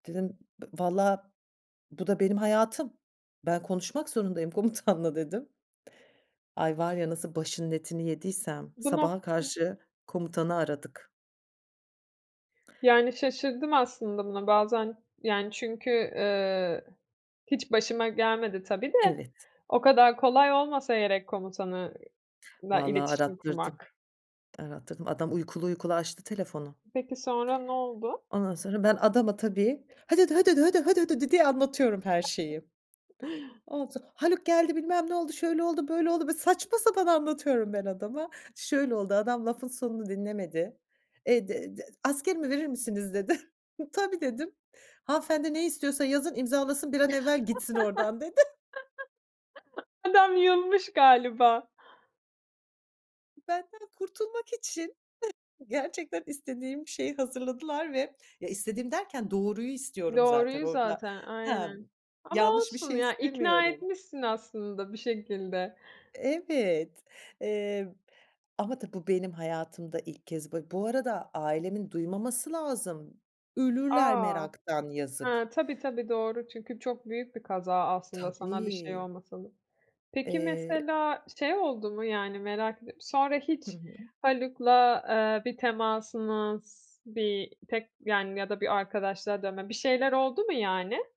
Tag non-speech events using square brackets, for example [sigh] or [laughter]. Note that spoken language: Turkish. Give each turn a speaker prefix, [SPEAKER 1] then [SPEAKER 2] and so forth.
[SPEAKER 1] Dedim b valla bu da benim hayatım. Ben konuşmak zorundayım komutanla, dedim. Ay, var ya, nasıl başının etini yediysem
[SPEAKER 2] Bu nok
[SPEAKER 1] sabaha karşı komutanı aradık.
[SPEAKER 2] Yani, şaşırdım aslında buna bazen, yani, çünkü, ııı, hiç başıma gelmedi tabii de,
[SPEAKER 1] Evet.
[SPEAKER 2] o kadar kolay olmasa gerek komutanı la
[SPEAKER 1] Valla
[SPEAKER 2] iletişim
[SPEAKER 1] arattırdım.
[SPEAKER 2] kurmak.
[SPEAKER 1] Arattırdım. Adam uykulu uykulu açtı telefonu.
[SPEAKER 2] Peki, sonra ne oldu?
[SPEAKER 1] Ondan sonra, ben adama tabii "hö dö dö hö dö dö hö dö hö dö dö" diye anlatıyorum her şeyi. Oldu. "Haluk geldi, bilmem ne oldu, şöyle oldu, böyle oldu." Böyle saçma sapan anlatıyorum ben adama. Şöyle oldu adam lafın sonunu dinlemedi. "Eee, d d askerimi verir misiniz?" dedi. [chuckles] "Tabii." dedim. "Hanımefendi ne istiyorsa yazın, imzalasın, bir an evvel gitsin oradan." dedi.
[SPEAKER 2] [chuckles] Adam yılmış galiba.
[SPEAKER 1] Benden kurtulmak için [chuckles] gerçekten istediğim şeyi hazırladılar ve, ya, istediğim derken doğruyu istiyorum zaten
[SPEAKER 2] Doğruyu
[SPEAKER 1] orada.
[SPEAKER 2] zaten,
[SPEAKER 1] He.
[SPEAKER 2] aynen, ama
[SPEAKER 1] Yanlış bir
[SPEAKER 2] olsun
[SPEAKER 1] şey
[SPEAKER 2] ya, ikna
[SPEAKER 1] istemiyorum.
[SPEAKER 2] etmişsin aslında bir şekilde.
[SPEAKER 1] Evet, emm, ama tabii bu benim hayatımda ilk kez ba bu arada ailemin duymaması lazım. Ölürler
[SPEAKER 2] A!
[SPEAKER 1] meraktan, yazık.
[SPEAKER 2] He, tabii, tabii, doğru, çünkü çok büyük bir kaza aslında sana bir şey
[SPEAKER 1] Tabii.
[SPEAKER 2] olmasa da. Peki,
[SPEAKER 1] Eee
[SPEAKER 2] mesela şey oldu mu? Yani, merak ediyorum, sonra
[SPEAKER 1] Hı
[SPEAKER 2] hiç
[SPEAKER 1] hı.
[SPEAKER 2] Haluk'la, eee, bir temasınız, bir tek yani, ya da bir arkadaşlığa dönme, bir şeyler oldu mu yani?